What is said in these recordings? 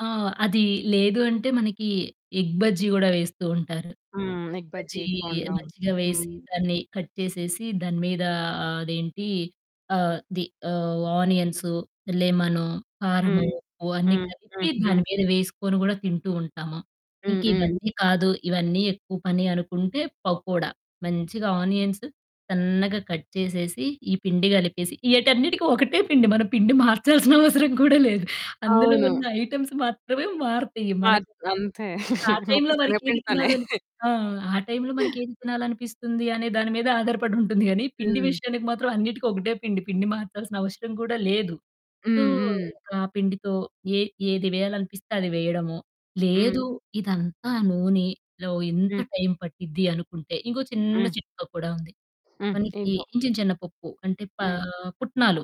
ఆ! అది లేదు అంటే మనకి, ఎగ్ బజ్జి కూడా వేస్తూ ఉంటారు. హ్మ్. Egg egg bajji, bajji egg bonda. మంచిగా వేసి, హ్మ్. దాన్ని కట్ చేసేసి, దాని మీద ఆహ్, అదేంటి అది ఆహ్, ది ఆహ్, ఆనియన్స్, లెమను, హ్మ్, కారము, ఉప్పు అన్నీ హ్మ్, కలిపి హ్మ్, హ్మ్. దాని మీద వేసుకొని కూడా తింటూ ఉంటాము. హ్మ్, ఇంకా హ్మ్. ఇవన్నీ కాదు. ఇవన్నీ ఎక్కువ పని అనుకుంటే, పకోడా మంచిగా ఆనియన్స్ సన్నగా కట్ చేసేసి, ఈ పిండి కలిపేసి ఈటన్నిటికి ఒకటే పిండి. మన పిండి మార్చాల్సిన అవసరం కూడా లేదు. అందులో అవును. ఉన్న ఐటెమ్స్ మాత్రమే మారుతాయి మనకి. అత్ అంతే ఆ మొత్తం టైంలో మనకి ఏది శనగపిండితోనే. తినాలని ఆ! ఆ టైంలో మనకి ఏది తినాలనిపిస్తుంది అనే దాని మీద ఆధారపడుంటుంది. కానీ, పిండి హ్మ్. విషయానికి మాత్రం అన్నిటికి ఒకటే పిండి. పిండి మార్చాల్సిన అవసరం కూడా లేదు. సో, హ్మ్, హ్మ్. ఇంకా ఆ పిండితో ఏ ఏది వేయాలనిపిస్తే అది వేయడము. హ్మ్. లేదు ఇదంతా నూనెలో, ఇంత హ్మ్. టైం పట్టిద్ది అనుకుంటే, ఇంకో చిన్న హ్మ్. చిట్కా కూడా ఉంది. హ్మ్. మనకి ఏంటో? చిన్న, చిన్న పప్పు అంటే, పా హ్మ్. పుట్నాలు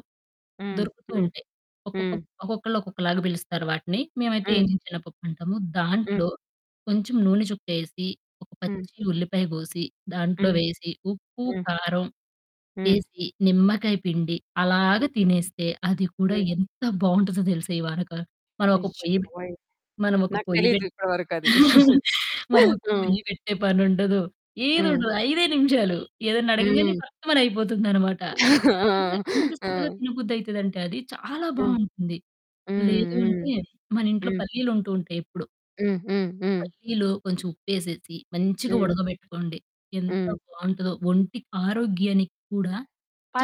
హ్మ్, దొరుకుతూ హ్మ్, ఉంటాయి. ఒక్కొక్క హ్మ్. ఒక్కొక్కళ్ళు ఒక్కొక్కలాగా పిలుస్తారు వాటిని. మేమైతే హ్మ్. ఏగించిన శనగపప్పు అంటాము. హ్మ్. దాంట్లో కొంచెం నూనె చుక్కేసి, ఒక హ్మ్. పచ్చి ఉల్లిపాయ కోసి, దాంట్లో హ్మ్. వేసి ఉప్పు, హ్మ్. కారం హ్మ్. ఏసి, నిమ్మకాయ పిండి, అలాగా హ్మ్. తినేస్తే అది కూడా హ్మ్. ఎంత బావుంటదో తెలుసా! ఈ వానక. మనం ఒక అయ్యో! పొయ్యి పెట్ బాబోయ్! మనం ఒక నాకు పొయ్యి తెలియదు పెట్ ఇప్పటి వరకది. మనము హ్మ్. పొయ్యి పెట్టే పని ఉండదు. ఏది హ్మ్. ఉండదు. ఐదే నిమిషాలు. ఏదైనా అడగంగానే హ్మ్. ఫట్మని అయిపోతుందన్నమాట. [unintelligible] ఆ! ఎంత చక్కగా ఆ! తినబుద్ది అయితదంటే, అది చాలా హ్మ్. బావుంటుంది. హ్మ్, లేదు హ్మ్, అంటే మన ఇంట్లో హ్మ్. పల్లీలు ఉంటూ ఉంటాయి ఎప్పుడు. హ్మ్, హ్మ్, హ్మ్. పల్లిలో కొంచెం ఉప్పేసేసి, మంచిగా హ్మ్. ఉడకబెట్టుకోండి. ఎంత హ్మ్. బావుంటదో. ఒంటి ఆరోగ్యానికి కూడా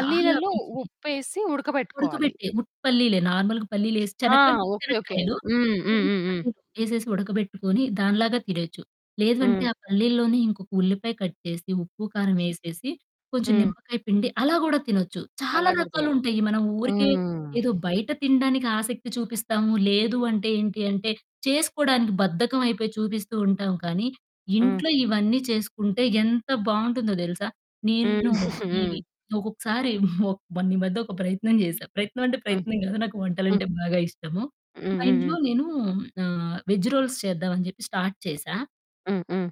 చాలా మంచిది. ఉప్పేసి ఉడకబెట్టుకోవాలి. ఉడకబెట్టి. ఉట్టి పల్లిలే నార్మల్‌గా పల్లీలేసి ఆ! చెనక్కాయలు ఉట్టి ఓకే. ఓకే. చెనక్కాయలు. హ్మ్, హ్మ్, [unintelligible] హ్మ్, హ్మ్. పల్లీలు ఏసేసి ఉడకబెట్టుకొని, దానిలాగా తినొచ్చు. లేదంటే హ్మ్. ఆ పల్లిలోని ఇంకొక ఉల్లిపాయ కట్ చేసి, ఉప్పు, కారం ఏసేసి, కొంచెం హ్మ్. నిమ్మకాయ పిండి. అలా కూడా తినొచ్చు. చాలా అలా కూడా తినొచ్చు. రకాలుంటాయి మనం ఊరికే హుహుహు. ఏదో బయట తినడానికి ఆసక్తి చూపిస్తాము లేదు అంటే, ఏంటి అంటే చేసుకోడానికి బద్ధకమైయిపోయి చూపిస్తూ ఉంటాం. కానీ, హ్మ్. ఇంట్లో ఇవన్నీ చేసుకుంటే, ఎంత బావుంటుందో తెలుసా! హ్మ్. నేను ఇవి హ్మ్. ఒక్కొక్కసారి ఒ మొన్న ఈ మధ్య ఒక ప్రయత్నం చేసా. ప్రయత్నం అంటే, హ్మ్. ప్రయత్నం కాదు. నాకు వంటలు హ్మ్. అంటే బాగా ఇష్టము. హ్మ్, మా హ్మ్, ఇంట్లో హ్మ్. నేను ఆహ్, వేగ్ రోల్స్ చేద్దాం అని చెప్పి స్టార్ట్ చేసా. హ్మ్, హ్మ్.